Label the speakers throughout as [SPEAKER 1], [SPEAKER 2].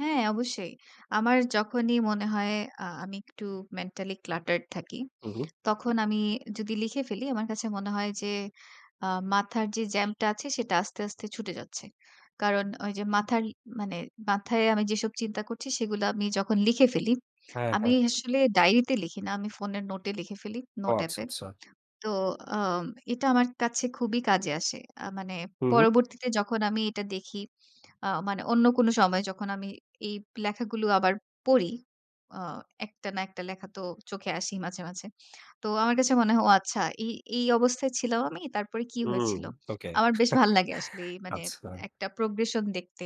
[SPEAKER 1] হ্যাঁ, অবশ্যই। আমার যখনই মনে হয়, আ আমি একটু মেন্টালি cluttered থাকি,
[SPEAKER 2] উহু।
[SPEAKER 1] তখন আমি যদি লিখে ফেলি, আমার কাছে মনে হয় যে, আ মাথার যে জ্যাম টা আছে, সেটা আস্তে আস্তে ছুটে যাচ্ছে। কারণ ওই যে মাথার মানে, মাথায় আমি যেসব চিন্তা করছি, সেগুলা আমি যখন লিখে ফেলি,
[SPEAKER 2] হ্যাঁ,
[SPEAKER 1] আমি
[SPEAKER 2] হ্যাঁ।
[SPEAKER 1] আসলে ডায়রিতে লিখি না। আমি ফোনের নোটে লিখে ফেলি,
[SPEAKER 2] ও
[SPEAKER 1] নোট
[SPEAKER 2] আচ্ছা,
[SPEAKER 1] এ্যাপে।
[SPEAKER 2] আচ্ছা।
[SPEAKER 1] তো আ এটা আমার কাছে খুবই কাজে আসে। আ মানে,
[SPEAKER 2] হুম, হুম।
[SPEAKER 1] পরবর্তীতে যখন আমি এটা দেখি, আ মানে অন্য কোনো সময় যখন আমি এই লেখাগুলো আবার পড়ি, আ একটা না একটা লেখা তো চোখে আসেই মাঝে, মাঝে। তো আমার কাছে মনে হয় ও আচ্ছা, এই এই অবস্থায় ছিলাম আমি। তারপরে কি
[SPEAKER 2] উম।
[SPEAKER 1] হয়েছিল?
[SPEAKER 2] ওকে।
[SPEAKER 1] আমার বেশ ভাল্লাগে আসলে, মানে
[SPEAKER 2] আচ্ছা।
[SPEAKER 1] একটা প্রোগ্রেশন দেখতে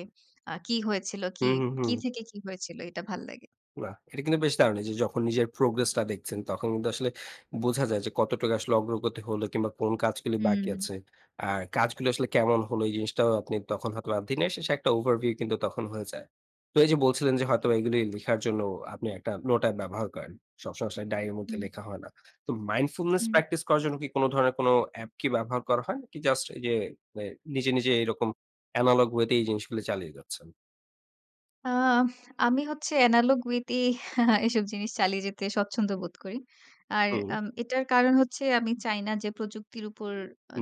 [SPEAKER 1] আ কি হয়েছিল কি,
[SPEAKER 2] হুম, হুম, হুম।
[SPEAKER 1] থেকে কি হয়েছিল, এটা ভাল্লাগে।
[SPEAKER 2] না, এটা কিন্তু বেশ দারুণ যে, যখন নিজের progress দেখছেন, তখন কিন্তু আসলে বোঝা যায় যে, কতটুকু আসলে অগ্রগতি হলো, কিংবা কোন কাজগুলো বাকি
[SPEAKER 1] হুম।
[SPEAKER 2] আছে। আর কাজগুলো আসলে কেমন হলো, এই জিনিসটাও আপনি তখন হয়তো দিনের শেষে, একটা over view কিন্তু তখন হয়ে যায়। তো এই যে বলছিলেন যে হয়তো
[SPEAKER 1] জি।
[SPEAKER 2] এগুলো লেখার জন্য আপনি একটা নোট এ্যাপ ব্যবহার করেন। সবসময় আসলে ডায়রির মধ্যে
[SPEAKER 1] হুম।
[SPEAKER 2] লেখা হয় না। তো mindfullness
[SPEAKER 1] হুম।
[SPEAKER 2] প্র্যাকটিস করার জন্য কি, কোন ধরনের কোন এ্যাপ কি ব্যবহার করা হয়? জাস্ট যে, নিজে, নিজে এরকম analouge way তে এই জিনিসগুলো চালিয়ে যাচ্ছেন।
[SPEAKER 1] আহ আমি হচ্ছে analogue way এসব জিনিস চালিয়ে যেতে স্বচ্ছন্দ বোধ করি। আর
[SPEAKER 2] হুম।
[SPEAKER 1] আম এটার কারণ হচ্ছে, আমি চাই না যে, প্রযুক্তির উপর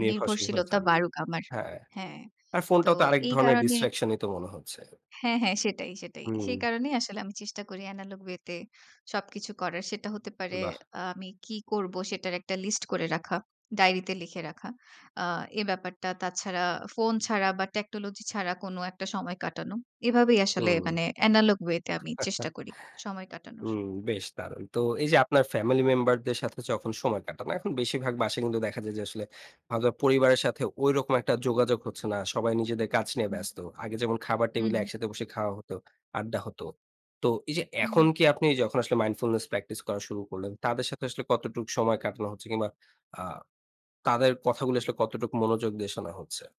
[SPEAKER 2] নির্ভরশীল হয়ে
[SPEAKER 1] নির্ভরশীলতা
[SPEAKER 2] যান।
[SPEAKER 1] বাড়ুক আমার
[SPEAKER 2] হ্যাঁ।
[SPEAKER 1] হ্যাঁ।
[SPEAKER 2] আর
[SPEAKER 1] তো
[SPEAKER 2] ফোনটাও তো আরেক
[SPEAKER 1] এই
[SPEAKER 2] ধরনের
[SPEAKER 1] কারণে
[SPEAKER 2] distraction তো, মনে হচ্ছে।
[SPEAKER 1] হ্যাঁ, হ্যাঁ, সেটাই, সেটাই। সেই
[SPEAKER 2] হুম।
[SPEAKER 1] কারণেই আসলে আমি চেষ্টা করি, analouge way সবকিছু করার। সেটা হতে পারে
[SPEAKER 2] বাহ!
[SPEAKER 1] আমি কী করব সেটার একটা লিস্ট করে রাখা। ডায়রিতে লিখে রাখা। আ এ ব্যাপারটা, তাছাড়া ফোন ছাড়া বা টেকনোলজি ছাড়া, কোন একটা সময় কাটানো। এভাবেই আসলে,
[SPEAKER 2] হুম।
[SPEAKER 1] মানে analouge way তে আমি চেষ্টা করি, সময় কাটানোর।
[SPEAKER 2] হুম, বেশ দারুণ। তো এই যে, আপনার ফ্যামিলি মেম্বারদের সাথে যখন সময় কাটান। এখন বেশিরভাগ বাসায় কিন্তু দেখা যায় যে, আসলে পরিবারের সাথে ঐরকম একটা যোগাযোগ হচ্ছে না। সবাই নিজেদের কাজ নিয়ে
[SPEAKER 1] হুম।
[SPEAKER 2] ব্যস্ত। আগে যেমন, খাবার
[SPEAKER 1] হু,
[SPEAKER 2] টেবিলে
[SPEAKER 1] হু।
[SPEAKER 2] একসাথে বসে খাওয়া হতো, আড্ডা হত। তো এই যে, এখন
[SPEAKER 1] হুম।
[SPEAKER 2] কি আপনি যখন আসলে mindfullness practice করা শুরু করলেন, তাদের সাথে আসলে কতটুকু সময় কাটানো হচ্ছে, কিংবা আ তাদের কথাগুলো আসলে কতটুকু মনোযোগ দিয়ে শোনা হচ্ছে?